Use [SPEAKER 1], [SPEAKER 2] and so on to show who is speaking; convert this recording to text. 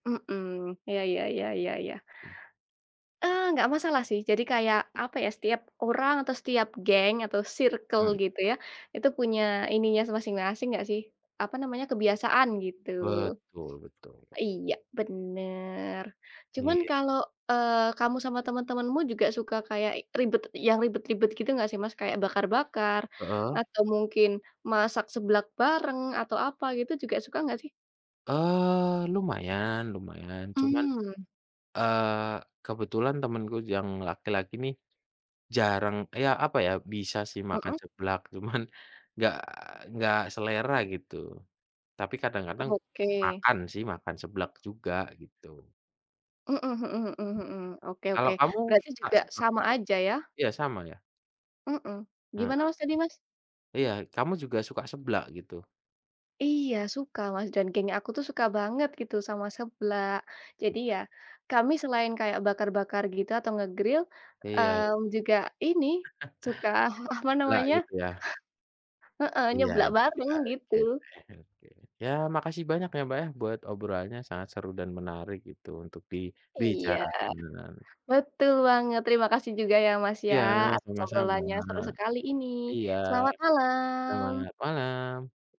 [SPEAKER 1] Mhm, iya iya iya iya iya ya, eee, nggak masalah sih. Jadi kayak, apa ya, setiap orang atau setiap geng atau sirkel
[SPEAKER 2] Mmm.
[SPEAKER 1] gitu ya, itu punya ininya masing-masing nggak sih, apa namanya, kebiasaan, gitu.
[SPEAKER 2] Betul, betul.
[SPEAKER 1] Iya, bener. Cuman
[SPEAKER 2] Iy
[SPEAKER 1] kalau, eee, kamu, sama temen-temenmu juga, suka kayak ribet yang ribet-ribet gitu gak sih, Mas? Kayak bakar-bakar
[SPEAKER 2] Heeh.
[SPEAKER 1] atau mungkin masak seblak bareng atau apa gitu, juga suka nggak, sih?
[SPEAKER 2] Eee, lumayan, lumayan, cuman,
[SPEAKER 1] Mmm.
[SPEAKER 2] eee, kebetulan temenku yang laki-laki nih, jarang ya, apa ya, bisa sih makan
[SPEAKER 1] Mhm.
[SPEAKER 2] seblak, cuman nggak nggak selera, gitu. Tapi kadang-kadang
[SPEAKER 1] Oke.
[SPEAKER 2] makan sih, makan seblak juga, gitu.
[SPEAKER 1] Mhm mhm mhm mhm mhm, oke
[SPEAKER 2] Kalau
[SPEAKER 1] oke,
[SPEAKER 2] kamu
[SPEAKER 1] berarti
[SPEAKER 2] suka
[SPEAKER 1] juga
[SPEAKER 2] seblak
[SPEAKER 1] sama
[SPEAKER 2] juga?
[SPEAKER 1] aja, ya.
[SPEAKER 2] Iya, sama ya.
[SPEAKER 1] Mhm,
[SPEAKER 2] Heeh.
[SPEAKER 1] gimana, Mas, tadi, Mas?
[SPEAKER 2] Iya, kamu juga suka seblak, gitu?
[SPEAKER 1] Iya. suka, Mas, dan geng aku tuh suka banget gitu sama seblak. Jadi
[SPEAKER 2] Iya.
[SPEAKER 1] ya, kami selain kayak bakar-bakar gitu atau nge-grill,
[SPEAKER 2] Iya, iya.
[SPEAKER 1] eee, juga ini suka, apa
[SPEAKER 2] Seblak
[SPEAKER 1] namanya
[SPEAKER 2] gitu, ya.
[SPEAKER 1] Heeh,
[SPEAKER 2] Iya,
[SPEAKER 1] nyeblak bareng, gitu.
[SPEAKER 2] oke. Oke oke. Ya, makasih banyak ya, Mbak, ya, buat obrolannya, sangat seru dan menarik gitu, untuk
[SPEAKER 1] Iya,
[SPEAKER 2] dibicarakan.
[SPEAKER 1] betul banget. Terima kasih juga ya, Mas, ya,
[SPEAKER 2] Ya,
[SPEAKER 1] atas
[SPEAKER 2] sama-sama.
[SPEAKER 1] obrolannya, seru sekali ini,
[SPEAKER 2] Iya,
[SPEAKER 1] selamat malam.
[SPEAKER 2] selamat malam.